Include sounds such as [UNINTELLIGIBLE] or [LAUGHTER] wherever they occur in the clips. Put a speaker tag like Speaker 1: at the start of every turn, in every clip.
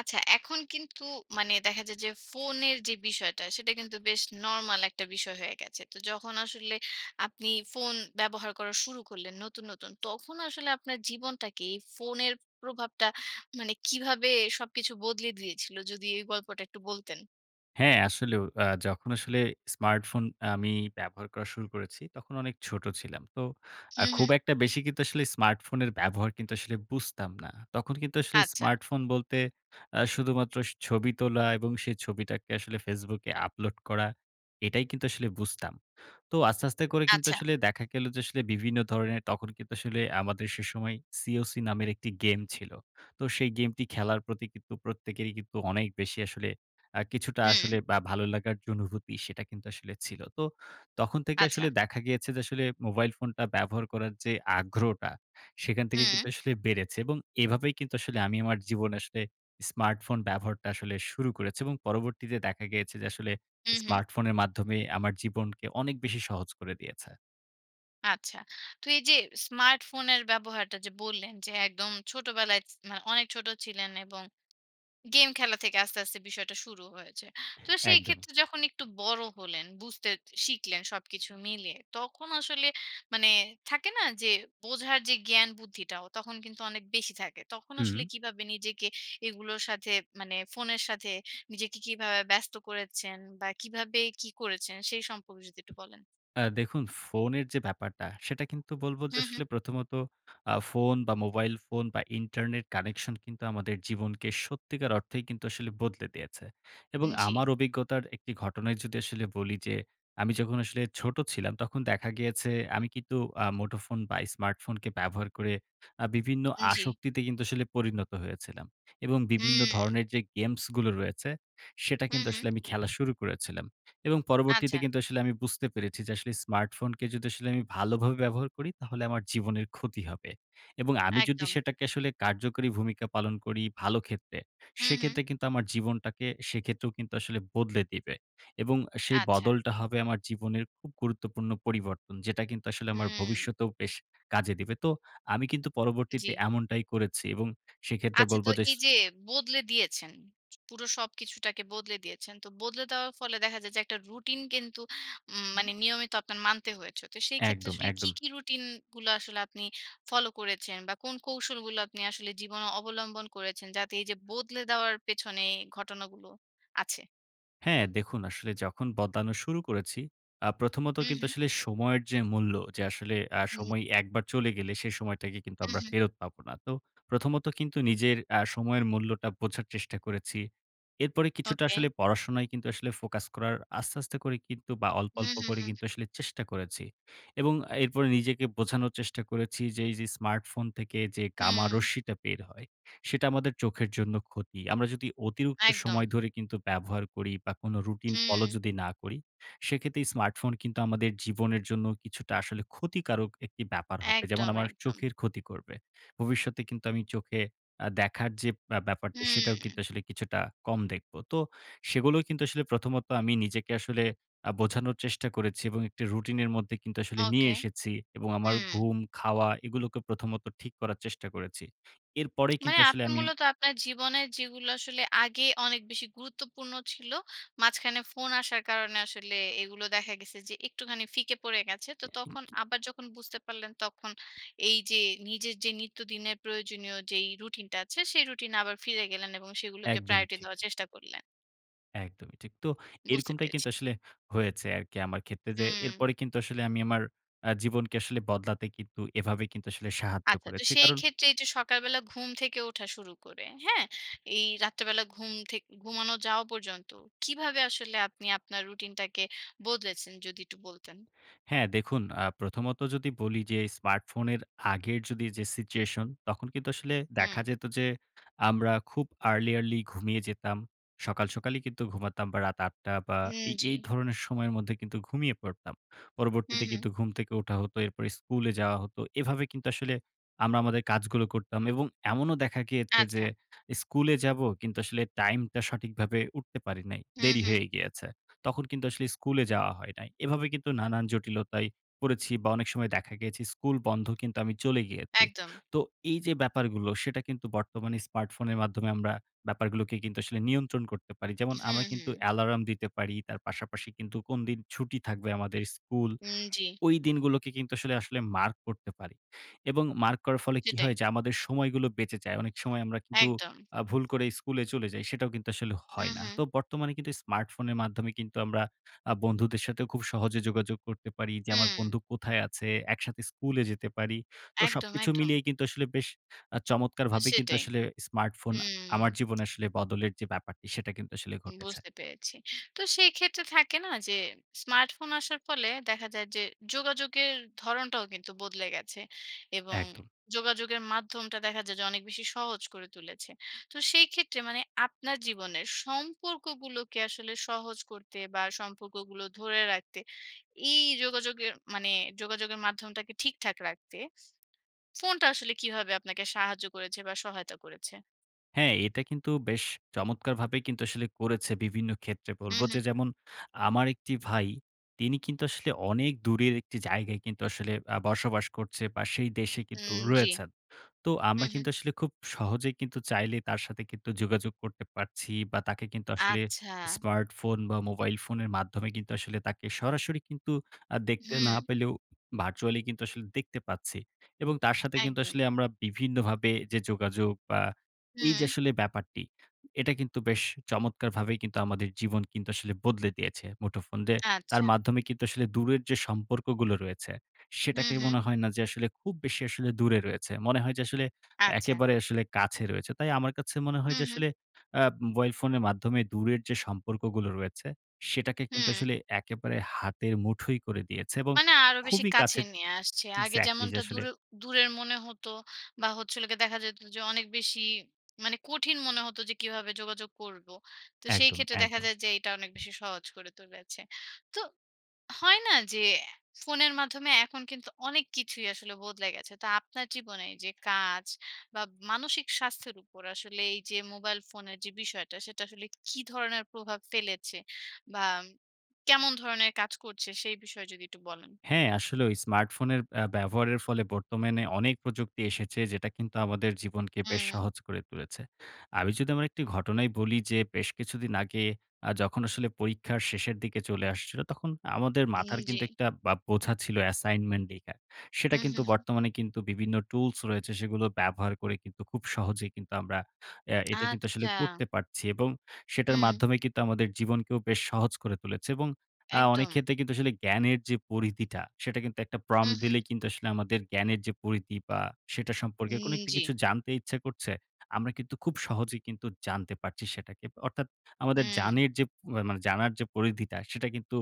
Speaker 1: আচ্ছা এখন কিন্তু মানে দেখা যায় যে ফোনের যে বিষয়টা, সেটা কিন্তু বেশ নরমাল একটা বিষয় হয়ে গেছে। তো যখন আসলে আপনি ফোন ব্যবহার করা শুরু করলেন নতুন, নতুন তখন আসলে আপনার জীবনটাকে এই ফোনের প্রভাবটা মানে কীভাবে সবকিছু বদলে দিয়েছিল? যদি এই গল্পটা একটু বলতেন।
Speaker 2: হ্যাঁ, আসলেও। আ যখন আসলে স্মার্টফোন আমি ব্যবহার করা শুরু করেছি, তখন অনেক ছোট ছিলাম। তো আ
Speaker 1: হুম,
Speaker 2: খুব
Speaker 1: হুম।
Speaker 2: একটা বেশি কিন্তু আসলে স্মার্টফোনের ব্যবহার কিন্তু আসলে বুঝতাম না। তখন কিন্তু আসলে
Speaker 1: আচ্ছা।
Speaker 2: স্মার্টফোন বলতে আ শুধুমাত্র স ছবি তোলা এবং সেই ছবিটাকে আসলে Facebook এ আপলোড করা এটাই কিন্তু আসলে বুঝতাম। তো আস্তে, আস্তে করে কিন্তু
Speaker 1: আচ্ছা।
Speaker 2: আসলে দেখা গেল যে আসলে বিভিন্ন ধরণের তখন কিন্তু আসলে আমাদের সেসময় সিওসি নামের একটি গেম ছিল। তো সেই গেমটি খেলার প্রতি কিন্তু প্রত্যেকেরই কিন্তু অনেক বেশি আসলে আ কিছুটা
Speaker 1: হুম।
Speaker 2: আসলে বা ভালো লাগার যে অনুভূতি, সেটা কিন্তু আসলে ছিল। তো তখন থেকে
Speaker 1: আচ্ছা।
Speaker 2: আসলে দেখা গিয়েছে যে আসলে মোবাইল ফোনটা ব্যবহার করার যে আগ্রহটা, সেখান থেকে
Speaker 1: হুম।
Speaker 2: কিন্তু আসলে বেড়েছে এবং এভাবেই কিন্তু আসলে আমি আমার জীবনে আসলে স্মার্টফোন ব্যবহারটা আসলে শুরু করেছি। এবং পরবর্তীতে দেখা গিয়েছে যে আসলে
Speaker 1: হুম, হুম।
Speaker 2: স্মার্টফোনের মাধ্যমে আমার জীবনকে অনেক বেশি সহজ করে দিয়েছে।
Speaker 1: আচ্ছা। তো এইযে স্মার্টফোনের ব্যবহারটা যে বললেন যে একদম ছোটবেলায় ছ না অনেক ছোট ছিলেন এবং গেম খেলা থেকে আস্তে, আস্তে বিষয়টা শুরু হয়েছে। তো
Speaker 2: একদমই।
Speaker 1: সেইক্ষেত্রে যখন একটু বড় হলেন, বুঝতে শিখলেন সবকিছু মিলিয়ে। তখন আসলে, মানে থাকে না? যে বোঝার যে জ্ঞান বুদ্ধিটাও তখন কিন্তু অনেক বেশি থাকে। তখন আসলে
Speaker 2: হুম।
Speaker 1: কীভাবে নিজেকে এগুলোর সাথে, মানে ফোনের সাথে নিজেকে কীভাবে ব্যস্ত করেছেন? বা, কীভাবে কী করেছেন? সেই সম্পর্কে যদি একটু বলেন।
Speaker 2: আ দেখুন ফোনের যে ব্যাপারটা সেটা কিন্তু বলবো যে,
Speaker 1: হু, হু।
Speaker 2: "আসলে প্রথমত আ ফোন বা, মোবাইল ফোন বা, ইন্টারনেট কানেকশন কিন্তু আমাদের জীবনকে সত্যিকার অর্থেই কিন্তু আসলে বদলে দিয়েছে।" এবং
Speaker 1: উম জি।
Speaker 2: আমার অভিজ্ঞতার একটি ঘটনায় যদি আসলে বলি যে, "আমি যখন আসলে ছোটো ছিলাম তখন দেখা গিয়েছে আমি কিন্তু আ মুঠোফোন বা স্মার্টফোনকে ব্যবহার করে আ বিভিন্ন
Speaker 1: উম জি।
Speaker 2: আসক্তিতে কিন্তু আসলে পরিণত হয়েছিলাম এবং বিভিন্ন
Speaker 1: হুম।
Speaker 2: ধরনের যে গেমসগুলো রয়েছে, সেটা
Speaker 1: হু,
Speaker 2: কিন্তু
Speaker 1: হু।
Speaker 2: আসলে আমি খেলা শুরু করেছিলাম। এবং পরবর্তীতে
Speaker 1: আচ্ছা।
Speaker 2: কিন্তু আসলে আমি বুঝতে পেরেছি যে আসলে স্মার্টফোনকে যদি আসলে আমি ভালোভাবে ব্যবহার করি, তাহলে আমার জীবনের ক্ষতি হবে এবং আমি যদি
Speaker 1: একদম।
Speaker 2: সেটাকে আসলে কার্যকরী ভূমিকা পালন করি ভালো ক্ষেত্রে,
Speaker 1: হু, হু।
Speaker 2: সেক্ষেত্রে কিন্তু আমার জীবনটাকে সেক্ষেত্রেও কিন্তু আসলে বদলে দিবে এবং আ সেই
Speaker 1: আচ্ছা।
Speaker 2: বদলটা হবে আমার জীবনের খুব গুরুত্বপূর্ণ পরিবর্তন। যেটা কিন্তু আসলে আমার
Speaker 1: হুম।
Speaker 2: ভবিষ্যতেও বেশ কাজে দিবে। তো আমি কিন্তু
Speaker 1: জি।
Speaker 2: পরবর্তীতে এমনটাই করেছি এবং সেক্ষেত্রে
Speaker 1: আচ্ছা, তো
Speaker 2: বলবো যে ছ
Speaker 1: এইযে বদলে দিয়েছেন। ছু পুরো সবকিছুটাকে বদলে দিয়েছেন। তো বদলে দেওয়ার ফলে দেখা যায় যে একটা রুটিন কিন্তু উম
Speaker 2: হুম।
Speaker 1: মানে নিয়মিত আপনার মানতে হয়েছে। তো সেইক্ষেত্রে
Speaker 2: একদম,
Speaker 1: আসলে কী,
Speaker 2: একদম।
Speaker 1: কী রুটিনগুলা আসলে আপনি ফলো করেছেন? বা কোন কৌশলগুলো আপনি আসলে জীবনে অবলম্বন করেছেন? যাতে এইযে বদলে দেওয়ার পেছনে ঘটনাগুলো আছে?
Speaker 2: হ্যাঁ, দেখুন আসলে যখন বদলানো শুরু করেছি, আ প্রথমত
Speaker 1: হু,
Speaker 2: কিন্তু
Speaker 1: হু।
Speaker 2: আসলে সময়ের যে মূল্য, যে আসলে আ
Speaker 1: হুম।
Speaker 2: সময় একবার চলে গেলে সেই সময়টাকে কিন্তু
Speaker 1: হু,
Speaker 2: আমরা
Speaker 1: হু।
Speaker 2: ফেরত পাবো না। তো প্রথমত কিন্তু নিজের আ সময়ের মূল্যটা বোঝার চেষ্টা করেছি। এরপরে কিছুটা
Speaker 1: ওকে।
Speaker 2: আসলে পড়াশোনায় কিন্তু আসলে ফোকাস করার, আস্তে, আস্তে করে কিন্তু বা, অল্প,
Speaker 1: হু,
Speaker 2: অল্প
Speaker 1: হু,
Speaker 2: করে
Speaker 1: হু।
Speaker 2: কিন্তু আসলে চেষ্টা করেছি এবং এরপরে নিজেকে বোঝানোর চেষ্টা করেছি যে, "এইযে স্মার্টফোন থেকে যে gamma
Speaker 1: হু।
Speaker 2: রশ্মিটা বের হয়, সেটা আমাদের চোখের জন্য ক্ষতি।" আমরা যদি অতিরিক্ত
Speaker 1: একদম।
Speaker 2: সময় ধরে কিন্তু ব্যবহার করি বা কোন রুটিন ফলো
Speaker 1: হুম।
Speaker 2: যদি না করি, সেক্ষেত্রে স্মার্টফোন কিন্তু আমাদের জীবনের জন্য কিছুটা আসলে ক্ষতিকারক একটি ব্যাপার হবে যেমন
Speaker 1: একদম,
Speaker 2: আমার
Speaker 1: একদম।
Speaker 2: চোখের ক্ষতি করবে। ভবিষ্যতে কিন্তু আমি চোখে আ দেখার যে ব্য ব্যাপারটা, সেটাও
Speaker 1: হুম।
Speaker 2: কিন্তু আসলে কিছুটা কম দেখব। তো সেগুলোও কিন্তু আসলে প্রথমত আমি নিজেকে আসলে আ বোঝানোর চেষ্টা করেছি এবং একটি রুটিনের মধ্যে কিন্তু আসলে নিয়ে
Speaker 1: ওকে,
Speaker 2: এসেছি এবং আমার
Speaker 1: হুম।
Speaker 2: ঘুম, খাওয়া এগুলোকে প্রথমত ঠিক করার চেষ্টা করেছি। এরপরেই
Speaker 1: মানে,
Speaker 2: কিন্তু আসলে
Speaker 1: আপনি
Speaker 2: আমি…
Speaker 1: মূলত আপনার জীবনের যেগুলা আসলে আগে অনেক বেশি গুরুত্বপূর্ণ ছিল, মাঝখানে ফোন আসার কারণে আসলে এগুলো দেখা গেছে যে একটুখানি ফিকে পড়ে গেছে। তো তখন
Speaker 2: [UNINTELLIGIBLE]
Speaker 1: আবার যখন বুঝতে পারলেন, তখন এইযে নিজের যে নিত্যদিনের প্রয়োজনীয় যেই রুটিনটা আছে, সেই রুটিনে আবার ফিরে গেলেন এবং সেগুলোকে
Speaker 2: একদমই
Speaker 1: প্রায়োরিটি
Speaker 2: ঠিক।
Speaker 1: দেওয়ার চেষ্টা করলেন।
Speaker 2: একদমই ঠিক। তো
Speaker 1: বুঝতে
Speaker 2: এরকমটাই
Speaker 1: পেরেছি।
Speaker 2: কিন্তু আসলে হয়েছে আরকি আমার ক্ষেত্রে যে,
Speaker 1: হুম।
Speaker 2: এরপরে কিন্তু আসলে আমি আমার আ জীবনকে কিন্তু বদলাতে কিন্তু এভাবে কিন্তু সাহায্য
Speaker 1: আচ্ছা। তো
Speaker 2: করেছি। কারণ
Speaker 1: সেইক্ষেত্রে এইযে সকালবেলা ঘুম থেকে ওঠা শুরু করে। হ্যাঁ? এই রাত্রিবেলা ঘুম থেকে ঘুমানো যাওয়া পর্যন্ত। কীভাবে আসলে আপনি আপনার রুটিনটাকে বদলেছেন? যদি একটু বলতেন।
Speaker 2: হ্যাঁ, দেখুন আ প্রথমত যদি বলি যে স্মার্টফোনের আগের যদি যে সিচুয়েশন, তখন কিন্তু আসলে দেখা
Speaker 1: হুম।
Speaker 2: যেত যে আমরা খুব early, early ঘুমিয়ে যেতাম। সকাল, সকালই কিন্তু ঘুমাতাম বা, রাত ৮ টা বা,
Speaker 1: হুম,
Speaker 2: এই
Speaker 1: জি।
Speaker 2: এই ধরনের সময়ের মধ্যে ঘুমিয়ে পড়তাম।
Speaker 1: হুম,
Speaker 2: পরবর্তীতে
Speaker 1: হুম।
Speaker 2: কিন্তু ঘুম থেকে ওঠা হতো এরপর স্কুলে যাওয়া হতো। এভাবে কিন্তু আসলে আমরা আমাদের কাজগুলো করতাম এবং এমনও দেখা গিয়েছে যে
Speaker 1: আচ্ছা।
Speaker 2: স্কুলে যাবো কিন্তু আসলে টাইমটা সঠিকভাবে উঠতে পারি নাই,
Speaker 1: হুম,
Speaker 2: দেরি
Speaker 1: হুম।
Speaker 2: হয়ে গিয়েছে। তখন কিন্তু আসলে স্কুলে যাওয়া হয় নাই। এভাবে কিন্তু নানান জটিলতায় পড়েছি বা অনেক সময় দেখা গেছে স্কুল বন্ধ, কিন্তু আমি চলে গিয়েছি।
Speaker 1: একদম।
Speaker 2: তো এইযে ব্যাপারগুলো সেটা কিন্তু বর্তমানে স্মার্টফোনের মাধ্যমে আমরা ব্যাপারগুলোকে কিন্তু আসলে নিয়ন্ত্রণ করতে পারি। যেমন
Speaker 1: হুম,
Speaker 2: আমরা কিন্তু
Speaker 1: হুম।
Speaker 2: অ্যালার্ম দিতে পারি, তার পাশাপাশি কিন্তু কোনদিন ছুটি থাকবে আমাদের স্কুল,
Speaker 1: হুম, জি।
Speaker 2: ওই দিনগুলোকে কিন্তু আসলে আসলে মার্ক করতে পারি এবং মার্ক করার ফলে কি
Speaker 1: সেটাই।
Speaker 2: হয়? যে আমাদের সময়গুলো বেঁচে যায়। এ অনেক সময় আমরা কিন্তু
Speaker 1: একদম।
Speaker 2: আ ভুল করে স্কুলে চলে যাই। সেটাও কিন্তু আসলে হয়
Speaker 1: হুম,
Speaker 2: না। তো
Speaker 1: হুম।
Speaker 2: বর্তমানে কিন্তু স্মার্টফোনের মাধ্যমে কিন্তু আমরা আ বন্ধুদের সাথেও খুব সহজে যোগাযোগ করতে পারি যে আমার
Speaker 1: হুম।
Speaker 2: বন্ধু কোথায় আছে? একসাথে স্কুলে যেতে পারি। তো
Speaker 1: একদম,
Speaker 2: সবকিছু
Speaker 1: একদম।
Speaker 2: মিলিয়ে কিন্তু আসলে বেশ আ
Speaker 1: আ
Speaker 2: চমৎকারভাবে কিন্তু
Speaker 1: সেটাই।
Speaker 2: আসলে স্মার্টফোন আমার
Speaker 1: হুম।
Speaker 2: জীবনে আসলে বদলের যে ব্যাপারটি, সেটা কিন্তু আসলে
Speaker 1: উম
Speaker 2: ঘটেছে।
Speaker 1: বুঝতে পেরেছি। তো সেইক্ষেত্রে থাকে না? যে স্মার্টফোন আসার ফলে দেখা যায় যে যোগাযোগের ধরণটাও কিন্তু বদলে গেছে এবং
Speaker 2: একদম।
Speaker 1: যোগাযোগের মাধ্যমটা দেখা যায় যে অনেক বেশি সহজ করে তুলেছে। তো সেইক্ষেত্রে মানে আপনার জীবনের সম্পর্কগুলোকে আসলে সহজ করতে বা, সম্পর্কগুলো ধরে রাখতে এই যোগাযোগের মানে যোগাযোগের মাধ্যমটাকে ঠিকঠাক রাখতে, ফোনটা আসলে কীভাবে আপনাকে সাহায্য করেছে বা, সহায়তা করেছে?
Speaker 2: হ্যাঁ এটা কিন্তু বেশ চমৎকারভাবে কিন্তু আসলে করেছে বিভিন্ন ক্ষেত্রে বলবো,
Speaker 1: হুম, হুম।
Speaker 2: যে যেমন আমার একটি ভাই, তিনি কিন্তু আসলে অনেক দূরের একটি জায়গায় কিন্তু আসলে আ বসবাস করছে বা সেই দেশে কিন্তু
Speaker 1: হুম, জ্বি।
Speaker 2: রয়েছেন। তো আমরা
Speaker 1: হুম, হুম।
Speaker 2: কিন্তু আসলে খুব সহজে কিন্তু চাইলেই তার সাথে কিন্তু যোগাযোগ করতে পারছি বা তাকে কিন্তু আসলে
Speaker 1: আচ্ছা।
Speaker 2: স্মার্টফোন বা মোবাইল ফোনের মাধ্যমে কিন্তু আসলে তাকে সরাসরি কিন্তু আ দেখতে না
Speaker 1: হুম।
Speaker 2: পেলেও, virtually কিন্তু আসলে দেখতে পাচ্ছি। এবং তার সাথে কিন্তু
Speaker 1: একদম।
Speaker 2: আসলে আমরা বিভিন্নভাবে যে যোগাযোগ বা এই যে
Speaker 1: হুম।
Speaker 2: আসলে ব্যাপারটি, এটা কিন্তু বেশ চমৎকারভাবেই কিন্তু আমাদের জীবন কিন্তু আসলে বদলে দিয়েছে মুঠোফোন যে, তার
Speaker 1: আচ্ছা।
Speaker 2: মাধ্যমে কিন্তু আসলে দূরের যে সম্পর্কগুলো রয়েছে,
Speaker 1: হুম,
Speaker 2: সেটাকে
Speaker 1: হুম।
Speaker 2: মনে হয় না যে আসলে খুব বেশি আসলে দূরে রয়েছে। মনে হয় যে আসলে,
Speaker 1: আচ্ছা।
Speaker 2: একেবারে আসলে কাছে রয়েছে। তাই আমার কাছে মনে হয়
Speaker 1: হুম,
Speaker 2: যে
Speaker 1: হুম।
Speaker 2: আসলে আ মোবাইল ফোনের মাধ্যমে দূরের যে সম্পর্কগুলো রয়েছে, সেটাকে কিন্তু
Speaker 1: হুম।
Speaker 2: আসলে একেবারে হাতের মুঠোই করে দিয়েছে এবং
Speaker 1: মানে আরো বেশি
Speaker 2: খুবই
Speaker 1: কাছে
Speaker 2: কাছের
Speaker 1: নিয়ে আসছে। আগে
Speaker 2: exactly যে
Speaker 1: যেমনটা
Speaker 2: আসলে
Speaker 1: দূরে দূরের মনে হতো বা হচ্ছে হল গিয়ে দেখা যেত যে অনেক বেশি মানে কঠিন মনে হতো যে, "কীভাবে যোগাযোগ করবো!" তো সেই
Speaker 2: একদম,
Speaker 1: ক্ষেত্রে দেখা
Speaker 2: একদম।
Speaker 1: যায় যে এইটা অনেক বেশি সহজ করে তুলেছে। তো হয় না যে, ফোনের মাধ্যমে এখন কিন্তু অনেক কিছুই আসলে বদলে গেছে। তো আপনার জীবনে যে কাজ, বা মানসিক স্বাস্থ্যের উপর আসলে এই যে মোবাইল ফোনের যে বিষয়টা, সেটা আসলে কি ধরনের প্রভাব ফেলেছে? বাম কেমন ধরনের কাজ করছে, সেই বিষয়ে যদি একটু বলেন?
Speaker 2: হ্যাঁ আসলেও, স্মার্টফোনের আ ব্যবহারের ফলে বর্তমানে অনেক প্রযুক্তি এসেছে যেটা কিন্তু আমাদের জীবনকে বেশ
Speaker 1: হুম।
Speaker 2: সহজ করে তুলেছে। আমি যদি আমার একটি ঘটনাই বলি যে বেশ কিছুদিন আগে আ যখন আসলে পরীক্ষার শেষের দিকে চলে আসছিল, তখন আমাদের
Speaker 1: উম
Speaker 2: মাথার
Speaker 1: জ্বি।
Speaker 2: কিন্তু একটা বা বোঝা ছিল assignment লেখা সেটা
Speaker 1: হুম,
Speaker 2: কিন্তু
Speaker 1: হুম, হুম।
Speaker 2: বর্তমানে কিন্তু বিভিন্ন tools রয়েছে, সেগুলো ব্যবহার করে কিন্তু খুব সহজেই কিন্তু আমরা অ্যা এটা কিন্তু আসলে
Speaker 1: আচ্ছা!
Speaker 2: করতে পারছি এবং সেটার
Speaker 1: হুম।
Speaker 2: মাধ্যমে কিন্তু আমাদের জীবনকেও বেশ সহজ করে তুলেছে এবং আ অনেক
Speaker 1: একদম।
Speaker 2: ক্ষেত্রে কিন্তু আসলে জ্ঞানের যে পরিধিটা, সেটা কিন্তু একটা prom
Speaker 1: হুম, হুম।
Speaker 2: দিলেই কিন্তু আসলে আমাদের জ্ঞানের যে পরিধি বা সেটা
Speaker 1: উম
Speaker 2: সম্পর্কে কোনো একটি
Speaker 1: জ্বি।
Speaker 2: কিছু জানতে ইচ্ছা করছে, আমরা কিন্তু খুব সহজেই কিন্তু জানতে পারছি সেটাকে। অর্থাৎ আমাদের
Speaker 1: হুম।
Speaker 2: জানের যে মানে জানার যে পরিধিটা, সেটা কিন্তু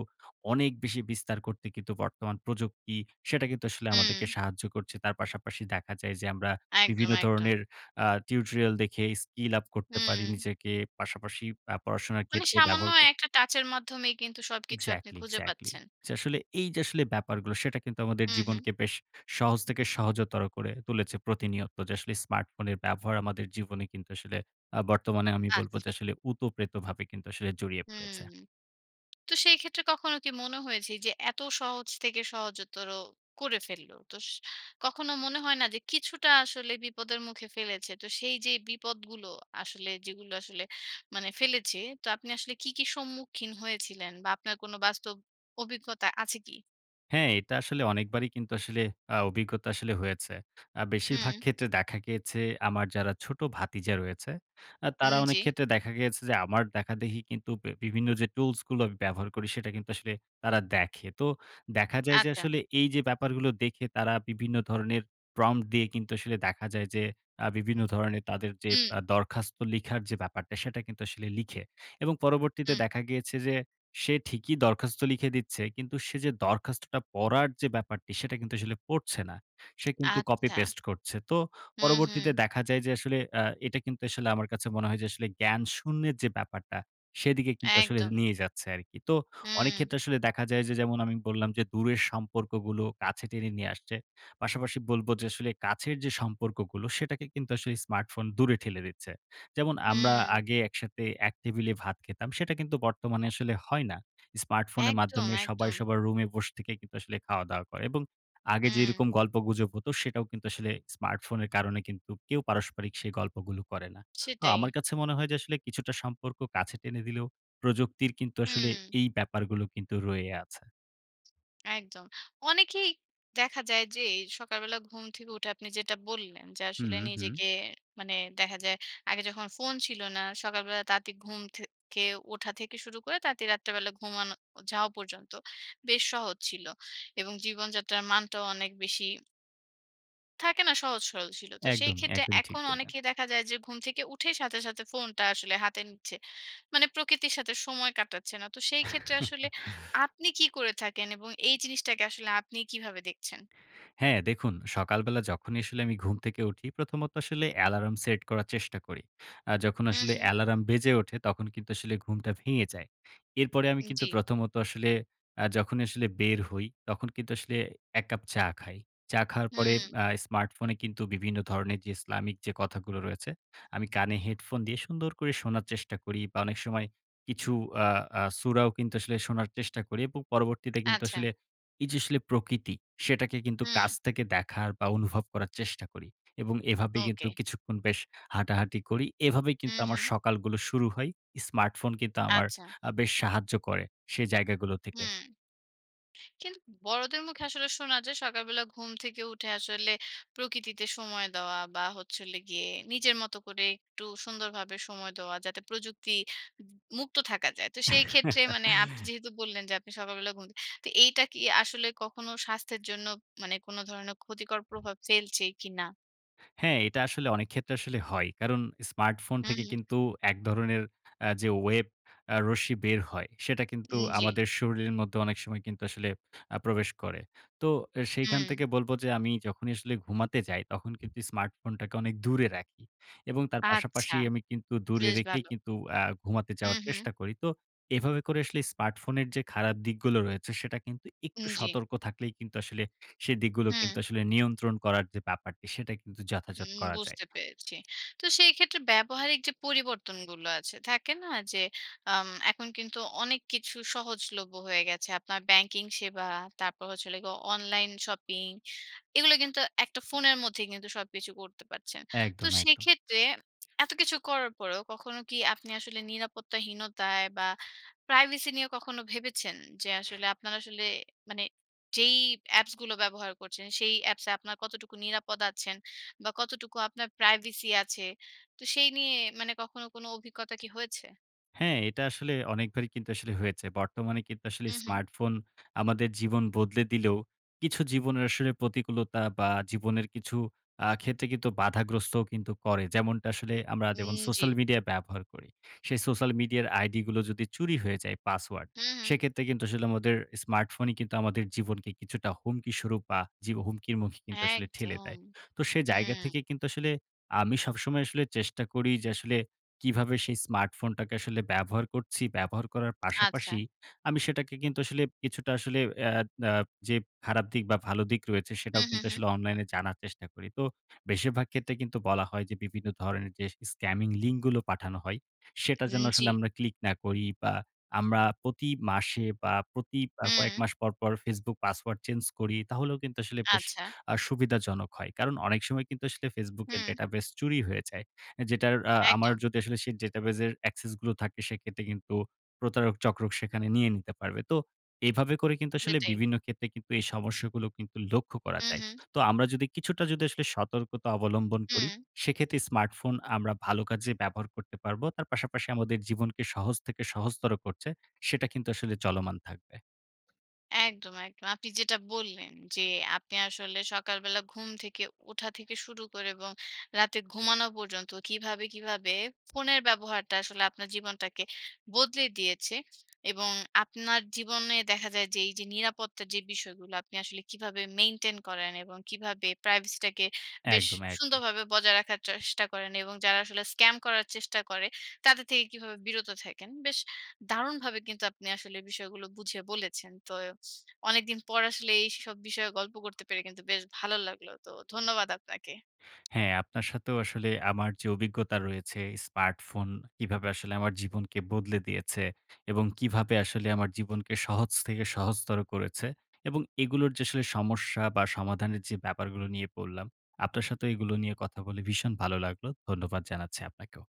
Speaker 2: অনেক বেশি বিস্তার করতে কিন্তু বর্তমান প্রযুক্তি, সেটা কিন্তু আসলে আমাদেরকে
Speaker 1: হুম।
Speaker 2: সাহায্য করছে, তার পাশাপাশি দেখা যায় যে আমরা
Speaker 1: একদম,
Speaker 2: বিভিন্ন
Speaker 1: একদম।
Speaker 2: ধরনের আ টিউটোরিয়াল দেখে skill up করতে পারি
Speaker 1: হুম।
Speaker 2: নিজেকে, পাশাপাশি আ পড়াশোনার
Speaker 1: মানে
Speaker 2: ক্ষেত্রে
Speaker 1: সামান্য
Speaker 2: ব্যবহার ক
Speaker 1: একটা টাচ এর মাধ্যমেই কিন্তু সবকিছু আপনি
Speaker 2: Exactly,
Speaker 1: খুঁজে
Speaker 2: exactly!
Speaker 1: পাচ্ছেন।
Speaker 2: যে আসলে এই যে আসলে ব্যাপারগুলো, সেটা কিন্তু আমাদের
Speaker 1: হুম, হুম।
Speaker 2: জীবনকে বেশ সহজ থেকে সহজতর করে তুলেছে প্রতিনিয়ত, যে আসলে স্মার্টফোনের ব্যবহার আমাদের জীবনে কিন্তু আসলে, আ বর্তমানে আমি বলবো
Speaker 1: আচ্ছা।
Speaker 2: যে, "আসলে ওতপ্রোতভাবে কিন্তু আসলে জড়িয়ে
Speaker 1: হুম।
Speaker 2: পড়েছে।"
Speaker 1: তো সেইক্ষেত্রে কখনো কি মনে হয়েছে এই যে এত সহজ থেকে সহজতর করে ফেলল তোস কখনো মনে হয় না যে কিছুটা আসলে বিপদের মুখে ফেলেছে? তো সেই যেই বিপদগুলো আসলে যেগুলো আসলে মানে ফেলেছে, তো আপনি আসলে কি, কি সম্মুখীন হয়েছিলেন, বা আপনার কোনো বাস্তব অভিজ্ঞতা আছে কি?
Speaker 2: হ্যাঁ এটা আসলে অনেকবারই কিন্তু আসলে আ অভিজ্ঞতা আসলে হয়েছে। আ বেশিরভাগ
Speaker 1: হুম।
Speaker 2: ক্ষেত্রে দেখা গিয়েছে আমার যারা ছোট ভাতিজা রয়েছে, আ তারা
Speaker 1: উম জি।
Speaker 2: অনেকক্ষেত্রে দেখা গিয়েছে যে, আমার দেখাদেখি বে বিভিন্ন যে টুলসগুলো আমি ব্যবহার করি, সেটা কিন্তু আসলে তারা দেখে। তো দেখা যায় যে
Speaker 1: আচ্ছা।
Speaker 2: আসলে, এইযে ব্যাপারগুলো দেখে তারা বিভিন্ন ধরনের prompt দিয়ে কিন্তু আসলে দেখা যায় যে, আ বিভিন্ন ধরণের তাদের যে
Speaker 1: হুম।
Speaker 2: আ দরখাস্ত লিখার যে ব্যাপারটা, সেটা কিন্তু আসলে লিখে এবং পরবর্তীতে
Speaker 1: হুম।
Speaker 2: দেখা গিয়েছে যে, সে ঠিকই দরখাস্ত লিখে দিচ্ছে। কিন্তু সে যে দরখাস্তটা পড়ার যে ব্যাপারটা, সেটা কিন্তু আসলে পড়ছে না। সে কিন্তু কপি
Speaker 1: আচ্ছা।
Speaker 2: পেস্ট করছে। তো
Speaker 1: হু,
Speaker 2: পরবর্তীতে
Speaker 1: হু।
Speaker 2: দেখা যায় যে, আসলে আ এটা কিন্তু আসলে আমার কাছে মনে হয় যে আসলে জ্ঞান শূন্যের যে ব্যাপারটা, সেদিকে কিন্তু আসলে
Speaker 1: একদম।
Speaker 2: নিয়ে যাচ্ছে আরকি। তো
Speaker 1: হুম।
Speaker 2: অনেকক্ষেত্রে আসলে দেখা যায় যে যেমন আমি বললাম যে, "দূরের সম্পর্কগুলো কাছে টেনে নিয়ে আসছে।" পাশাপাশি বলবো যে, "আসলে কাছের যে সম্পর্কগুলো সেটাকে কিন্তু আসলে স্মার্টফোন দূরে ঠেলে দিচ্ছে।" যেমন আমরা
Speaker 1: হুম।
Speaker 2: আগে একসাথে এক টেবিলে ভাত খেতাম। সেটা কিন্তু বর্তমানে আসলে হয় না। স্মার্টফোনের
Speaker 1: একদম,
Speaker 2: মাধ্যমে সবাই
Speaker 1: একদম।
Speaker 2: সবার রুমে বসে থেকে কিন্তু আসলে খাওয়া-দাওয়া করে এবং আগে
Speaker 1: হুম।
Speaker 2: যেরকম গল্পগুজব হতো, সেটাও কিন্তু আসলে স্মার্টফোনের কারণে কিন্তু কেউ পারস্পরিক সেই গল্পগুলো করে না। আ আমার
Speaker 1: সেটাই।
Speaker 2: কাছে মনে হয় যে, আসলে কিছুটা সম্পর্ক কাছে টেনে দিলেও প্রযুক্তির কিন্তু আসলে
Speaker 1: হুম।
Speaker 2: এই ব্যাপারগুলো কিন্তু রয়ে আছে।
Speaker 1: একদম। অনেকেই দেখা যায় যে এ সকালবেলা ঘুম থেকে উঠে আপনি যেটা বললেন যে,
Speaker 2: হুম,
Speaker 1: "আসলে
Speaker 2: উ-হুম।
Speaker 1: নিজেকে মানে দেখা যায় আগে যখন ফোন ছিল না, সকালবেলা তাড়াতাড়ি ঘুম থেকে ওঠা থেকে শুরু করে তাড়াতাড়ি রাত্রিবেলা ঘুমানো ও যাওয়া পর্যন্ত বেশ সহজ ছিল এবং জীবনযাত্রার মানটাও অনেক বেশি" থাকে না? সহজ সরল ছিল। তো
Speaker 2: একদমই,
Speaker 1: সেইক্ষেত্রে
Speaker 2: একদমই। ঠিক
Speaker 1: এখন
Speaker 2: বললেন।
Speaker 1: অনেকেই দেখা যায় যে ঘুম থেকে উঠেই সাথে, সাথে ফোনটা আসলে হাতে নিচ্ছে। মানে প্রকৃতির সাথে সময় কাটাচ্ছে না। তো সেইক্ষেত্রে আসলে
Speaker 2: [CHUCKLES]
Speaker 1: আপনি কী করে থাকেন? এবং এই জিনিসটাকে আসলে আপনি কীভাবে দেখছেন?
Speaker 2: হ্যাঁ, দেখুন সকালবেলা যখনই আসলে আমি ঘুম থেকে উঠি, প্রথমত আসলে অ্যালার্ম সেট করার চেষ্টা করি। আ যখন
Speaker 1: হু,
Speaker 2: আসলে
Speaker 1: হু।
Speaker 2: অ্যালার্ম বেজে ওঠে, তখন কিন্তু আসলে ঘুমটা ভেঙে যায়। এরপরে আমি
Speaker 1: উম
Speaker 2: কিন্তু
Speaker 1: জি।
Speaker 2: প্রথমত আসলে আ যখন আসলে বের হই, তখন কিন্তু আসলে এক কাপ চা খাই। চা খাওয়ার পরে
Speaker 1: হুম।
Speaker 2: আ স্মার্টফোনে বিভিন্ন ধরনের ইসলামিক যে কথাগুলো রয়েছে, আমি কানে হেডফোন দিয়ে সুন্দর করে শোনার চেষ্টা করি বা, অনেক সময় কিছু আ আ সুরাও কিন্তু আসলে শোনার চেষ্টা করি এবং পরবর্তীতে কিন্তু
Speaker 1: আচ্ছা।
Speaker 2: আসলে এইযে আসলে প্রকৃতি, সেটাকে কিন্তু
Speaker 1: হুম।
Speaker 2: কাছ থেকে দেখার বা অনুভব করার চেষ্টা করি এবং এভাবে কিন্তু
Speaker 1: ওকে।
Speaker 2: কিছুক্ষণ বেশ হাঁটাহাঁটি করি। এভাবেই
Speaker 1: হু,
Speaker 2: কিন্তু আমার
Speaker 1: হু।
Speaker 2: সকালগুলো শুরু হয়। স্মার্টফোন কিন্তু আমার
Speaker 1: আচ্ছা।
Speaker 2: আ বেশ সাহায্য করে, সে জায়গাগুলো থেকে।
Speaker 1: হুম। কিন্তু বড়দের মুখে আসলে শোনা যায় সকালবেলা ঘুম থেকে উঠে আসলে প্রকৃতিতে সময় দেওয়া বা, হচ্ছে হলো গিয়ে নিজের মতো করে একটু সুন্দরভাবে সময় দেওয়া। যাতে প্রযুক্তি উবু মুক্ত থাকা যায়। তো সেইক্ষেত্রে মানে আপনি
Speaker 2: [LAUGHS]
Speaker 1: যেহেতু বললেন যে, আপনি সকালবেলা ঘুম থে তো এইটা কি আসলে কখনো স্বাস্থ্যের জন্য মানে কোন ধরনের ক্ষতিকর প্রভাব ফেলছে কিনা?
Speaker 2: হ্যাঁ, এটা আসলে অনেকক্ষেত্রে আসলে হয়। কারণ স্মার্টফোন
Speaker 1: হুম,
Speaker 2: থেকে
Speaker 1: হুম।
Speaker 2: কিন্তু এক ধরনের আ যে ওয়েব আ রশ্মি বের হয়, সেটা কিন্তু
Speaker 1: উম জি।
Speaker 2: আমাদের শরীরের মধ্যে অনেক সময় কিন্তু আসলে আ প্রবেশ করে। তো এ সেইখান
Speaker 1: হুম।
Speaker 2: থেকে বলবো যে, "আমি যখনি আসলে ঘুমাতে যাই, তখন কিন্তু স্মার্টফোন অনেক দূরে রাখি" এবং তার
Speaker 1: আচ্ছা!
Speaker 2: পাশাপাশি আমি কিন্তু দূরে
Speaker 1: বেশ
Speaker 2: রেখেই
Speaker 1: ভালো।
Speaker 2: কিন্তু আ ঘুমাতে
Speaker 1: হুম,
Speaker 2: যাওয়ার
Speaker 1: হুম।
Speaker 2: চেষ্টা করি। তো এভাবে করে আসলে স্মার্টফোনের যে খারাপ দিকগুলো রয়েছে, সেটা কিন্তু
Speaker 1: উম
Speaker 2: একটু
Speaker 1: জি।
Speaker 2: সতর্ক থাকলেই কিন্ত আসলে সে দিকগুলো কিন্তু
Speaker 1: হুম।
Speaker 2: আসলে নিয়ন্ত্রণ করার যে ব্যাপারটি, সেটা কিন্তু যথাযথ
Speaker 1: উম
Speaker 2: করা যায়।
Speaker 1: বুঝতে পেরেছি। তো সেইক্ষেত্রে ব্যবহারিক যে পরিবর্তনগুলো আছে, থাকে না? যে আম এখন কিন্তু অনেক কিছু সহজলভ্য হয়ে গেছে। আপনার ব্যাংকিং সেবা তারপর হচ্ছে হলো গিয়ে অনলাইন শপিং, এগুলো কিন্তু একটা ফোনের মধ্যেই কিন্তু সবকিছু করতে পারছেন। তো
Speaker 2: একদম, একদম।
Speaker 1: সেক্ষেত্রে [SMACKS LIPS] এত কিছু করার পরেও কখনো কি আপনি আসলে নিরাপত্তাহীনতায় বা প্রাইভেসি নিয়ে কখনো ভেবেছেন? যে আসলে আপনার আসলে মানে যেই অ্যাপসগুলো ব্যবহার করছেন, সেই অ্যাপসে আপনার কতটুকু নিরাপদ আছেন? বা কতটুকু আপনার প্রাইভেসি আছে? তো সেই নিয়ে মানে কখনো কোনো অভিজ্ঞতা কি হয়েছে?
Speaker 2: হ্যাঁ এটা আসলে অনেকবারই কিন্তু আসলে হয়েছে। বর্তমানে কিন্তু আসলে
Speaker 1: হু, হু।
Speaker 2: স্মার্টফোন আমাদের জীবন বদলে দিলেও, কিছু জীবনের আসলে প্রতিকূলতা বা জীবনের কিছু আ ক্ষেত্রে কিন্তু বাধাগ্রস্তও কিন্তু করে। যেমনটা আসলে আমরা
Speaker 1: উম
Speaker 2: যেমন সোশ্যাল
Speaker 1: জি।
Speaker 2: মিডিয়া ব্যবহার করি, সে সোশ্যাল মিডিয়ার আইডিগুলো যদি চুরি হয়ে যায়, পাসওয়ার্ড।
Speaker 1: হু, হু।
Speaker 2: সেক্ষেত্রে কিন্তু আসলে আমাদের স্মার্টফোনই কিন্তু আমাদের জীবনকে কিছুটা হুমকি স্বরূপ বা জীব হুমকির মুখ কিন্তু আসলে ঠেলে
Speaker 1: একদম!
Speaker 2: দেয়। তো সে জায়গা
Speaker 1: হুম।
Speaker 2: থেকে কিন্তু আসলে আমি সবসময় আসলে চেষ্টা করি যে, আসলে কিভাবে সেই স্মার্টফোনটাকে আসলে ব্যবহার করছি। ব্যবহার করার
Speaker 1: আচ্ছা।
Speaker 2: পাশাপাশি আমি সেটাকে কিন্তু আসলে কিছুটা আসলে অ্যা অ্যা যে খারাপ দিক বা ভালো দিক রয়েছে,
Speaker 1: হু,
Speaker 2: সেটাও
Speaker 1: হু,
Speaker 2: কিন্তু
Speaker 1: হু।
Speaker 2: আসলে অনলাইনে জানার চেষ্টা করি। তো বেশিরভাগ ক্ষেত্রে কিন্তু বলা হয় যে, বিভিন্ন ধরনের যে স্কামিং লিঙ্ক গুলো পাঠানো হয়, সেটা যেন
Speaker 1: হুম জি।
Speaker 2: আসলে আমরা ক্লিক না করি বা আমরা প্রতি মাসে বা প্রতি আ কয়েক
Speaker 1: হুম।
Speaker 2: মাস পর, পর Facebook পাসওয়ার্ড চেঞ্জ করি, তাহলেও কিন্তু আসলে বেশ
Speaker 1: আচ্ছা।
Speaker 2: আ সুবিধাজনক হয়। কারণ অনেক সময় কিন্তু আসলে বেশ Facebook এর
Speaker 1: হুম।
Speaker 2: ডেটাবেস চুরি হয়ে যায়। এ্যা যেটার আ আমার
Speaker 1: একদম।
Speaker 2: যদি আসলে সেই ডেটাবেস এর access গুলো থাকে, সেক্ষেত্রে কিন্তু প্রতারক চক্র সেখানে নিয়ে নিতে পারবে। তো এভাবে করে কিন্তু আসলে
Speaker 1: সেটাই।
Speaker 2: বিভিন্ন ক্ষেত্রে কিন্তু এই সমস্যাগুলো কিন্তু লক্ষ্য করা
Speaker 1: হু,
Speaker 2: যায়।
Speaker 1: হু।
Speaker 2: তো আমরা যদি কিছুটা যদি আসলে সতর্কতা অবলম্বন করি,
Speaker 1: হুম।
Speaker 2: সেক্ষেত্রে স্মার্টফোন আমরা ভালো কাজে ব্যবহার করতে পারব। তার পাশাপাশি আমাদের জীবনকে সহজ থেকে সহজতর করছে। সেটা কিন্তু আসলে চলমান থাকবে।
Speaker 1: একদম, একদম। আপনি যেটা বললেন যে, আপনি আসলে সকালবেলা ঘুম থেকে ওঠা থেকে শুরু করে এবং রাতে ঘুমানো পর্যন্ত কীভাবে, কীভাবে ফোনের ব্যবহারটা আসলে আপনার জীবনটাকে বদলে দিয়েছে। এবং আপনার জীবনে দেখা যায় যে, এই যে নিরাপত্তার যে বিষয়গুলা, আপনি আসলে কিভাবে maintain করেন এবং কিভাবে privacy টাকে বেশ
Speaker 2: একদম, একদম।
Speaker 1: সুন্দরভাবে বজায় রাখার চেষ্টা করেন এবং যারা আসলে স্ক্যাম করার চেষ্টা করে, তাদের থেকে কিভাবে বিরত থাকেন। বেশ দারুণভাবে কিন্তু আপনি আসলে বিষয়গুলো বুঝিয়ে বলেছেন! তো অনেকদিন পর আসলে এইসব বিষয়ে গল্প করতে পেরে কিন্তু বেশ ভালো লাগলো। তো ধন্যবাদ আপনাকে।
Speaker 2: হ্যাঁ, আপনার সাথেও আসলে আমার যে অভিজ্ঞতা রয়েছে, স্মার্টফোন কিভাবে আসলে আমার জীবনকে বদলে দিয়েছে এবং কীভাবে আসলে আমার জীবনকে সহজ থেকে সহজতর করেছে এবং এগুলোর যে আসলে সমস্যা বা সমাধানের যে ব্যাপারগুলো নিয়ে বললাম, আপনার সাথেও এইগুলো নিয়ে কথা বলে ভীষণ ভালো লাগলো! ধন্যবাদ জানাচ্ছি আপনাকেও।